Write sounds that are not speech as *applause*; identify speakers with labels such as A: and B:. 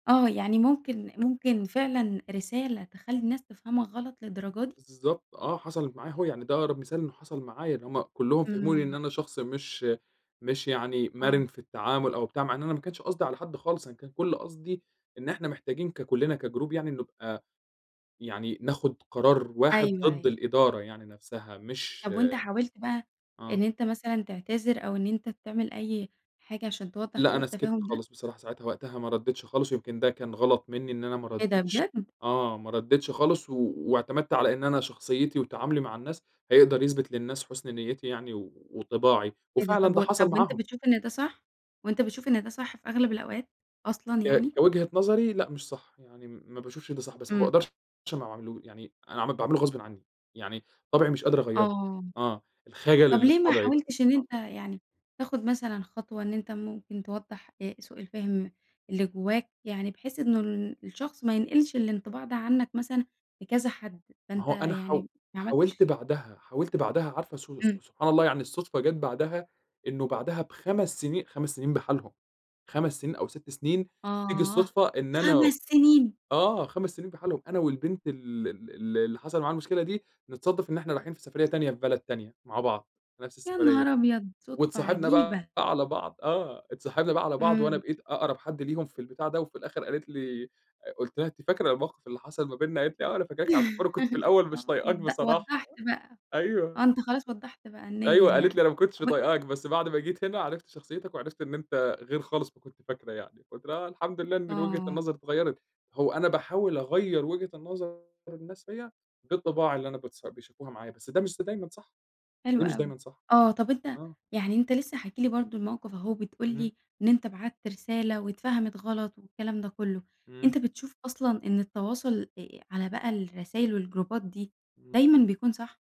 A: آه، يعني، ممكن ممكن فعلًا رسالة تخلِّي الناس تفهَمَك غلَط، للدرجة دي؟!
B: بالضبط، آه حصَلت معايا أهو، يعني ده أقرب مثال إنّه حصل معايا، إن هُم كلُهم فهموني
A: إمم.
B: إن أنا شخص مش مش يعني
A: آه.
B: مرِن في التعامل أو بتاع، مع إن أنا ما كانش قصدي على حد خالص، أنا كان كل قصدي إن إحنا محتاجين ككُلنا كجروب يعني نبقى يعني ناخُد قرار واحد
A: أيوه،
B: ضد
A: أيوه.
B: الإدارة يعني نفسها، مش
A: طب وأنتَ حاولت بقى
B: آه.
A: إن أنتَ مثلًا تعتذر أو إن أنتَ تعمل أي حاجة، عشان توضّح
B: لأ،
A: سوء
B: أنا سكَتّ
A: التفاهم ده؟
B: خالص بصراحة ساعتها، وقتها ما ردّيتش خالص، ويمكن ده كان غلَط منِّي إن أنا ما
A: إيه ده،
B: ردّيتش،
A: بجد!
B: آه، ما ردّيتش خالص، و واعتمَدت على إن أنا شخصيتي وتعاملي مع الناس هيقدر يثبِت للناس حُسن نيِّتي يعني وطباعي،
A: إيه ده؟
B: وفعلًا
A: طَب
B: ده
A: وأ
B: حصل
A: طَب وأنتَ
B: معاهم.
A: بتشوف إن ده صح؟ وأنتَ بتشوف إن ده صح في أغلب الأوقات، أصلًا
B: ك
A: يعني؟
B: كوجهة نظري، لأ، مش صح، يعني م ما باشوفِش ده صح، بس ما
A: إمم.
B: باقدَرش ما أعمَلهوش يعني أنا عمل باعمله غصبًا عنِّي، يعني طَبعي مش قادِر أغيِّره.
A: آه.
B: آه، الخجَل
A: طب
B: اللي في
A: ليه ما
B: طَبعي ده.
A: حاولتش إن
B: آه.
A: أنتَ يعني تاخُد مثلًا خطوة إن أنتَ ممكن توضّح آآ، سوء الفهم اللي جوّاك؟ يعني بحيث إنه ال الشخص ما ينقِلِش الانطباع ده عنَّك مثلًا لكذا حد،
B: ما
A: فأنتَ
B: هو أنا حاو
A: يعني ما
B: حاولت
A: عمَلتِش
B: بعدها، حاولت بعدها، عارفة سو
A: إمم.
B: سو سبحان الله يعني، الصُدفة جت بعدها، إنّه بعدها ب5 سنين، 5 سنين بحالهم، سنين أو 6 سنين، تييجي
A: آه،
B: الصُدفة إن أنا
A: 5 سنين!
B: آه، 5 سنين بحالهم، إن أنا والبنت ال ال ال اللي حصل معاها المشكلة دي، نتصادف إن إحنا رايحين في سفرية تانية في بلد تانية مع بعض، في نفس
A: يا
B: السفرية
A: نهار أبيض، صُدفة
B: واتصاحبنا
A: عجيبة!
B: بقى على بعض، آه، اتصاحبنا بقى على بعض، وأنا
A: إمم.
B: بقيت أقرَب حد ليهم في البتاع ده، وفي الآخِر قالت لي أ قُلت لها: "أنتِ فاكرة الموقف اللي حصل ما بيننا؟" قالت لي: "آه، أنا فاكراك على فكرة، وأنا كنت في
A: *chuckles*
B: الأول مش
A: آه،
B: طايقاك
A: وض
B: بصراحة."
A: وضَّحت بقى.
B: أيوه.
A: آه، أنتَ خلاص وضَّحت بقى النيّة
B: أيوه، قالِت لي:
A: يعني.
B: "أنا ما كنتش
A: طب أن
B: طايقاك، بس بعد ما جيت هنا عرفت شخصيتك وعرفت إن أنتَ غير خالص ما كنت فاكرة يعني." فقُلت لها: "آه، الحمد لله إن إن وجهة
A: آه.
B: النظر اتغيَّرت." هو أنا باحاول أغيِّر وجهة نظر الناس فيَّ، غير طباعي اللي أنا باتص بيشوفوها معايا. بس ده مش س دايمًا صح،
A: حلو
B: ده مش
A: أوي.
B: دايمًا صح.
A: آه، طب أنتَ
B: آه.
A: يعني أنت لسه حاكي لي برضه الموقف أهو، وبتقول
B: اهم.
A: لي إن أنتَ بعَتّ رسالة واتفهَمِت غلط والكلام ده كلُّه،
B: إمم.
A: أنتَ بتشوف أصلًا إن التواصل إإ على بقى الرسايل والجروبات دي،
B: إمم.
A: دايمًا بيكون صح؟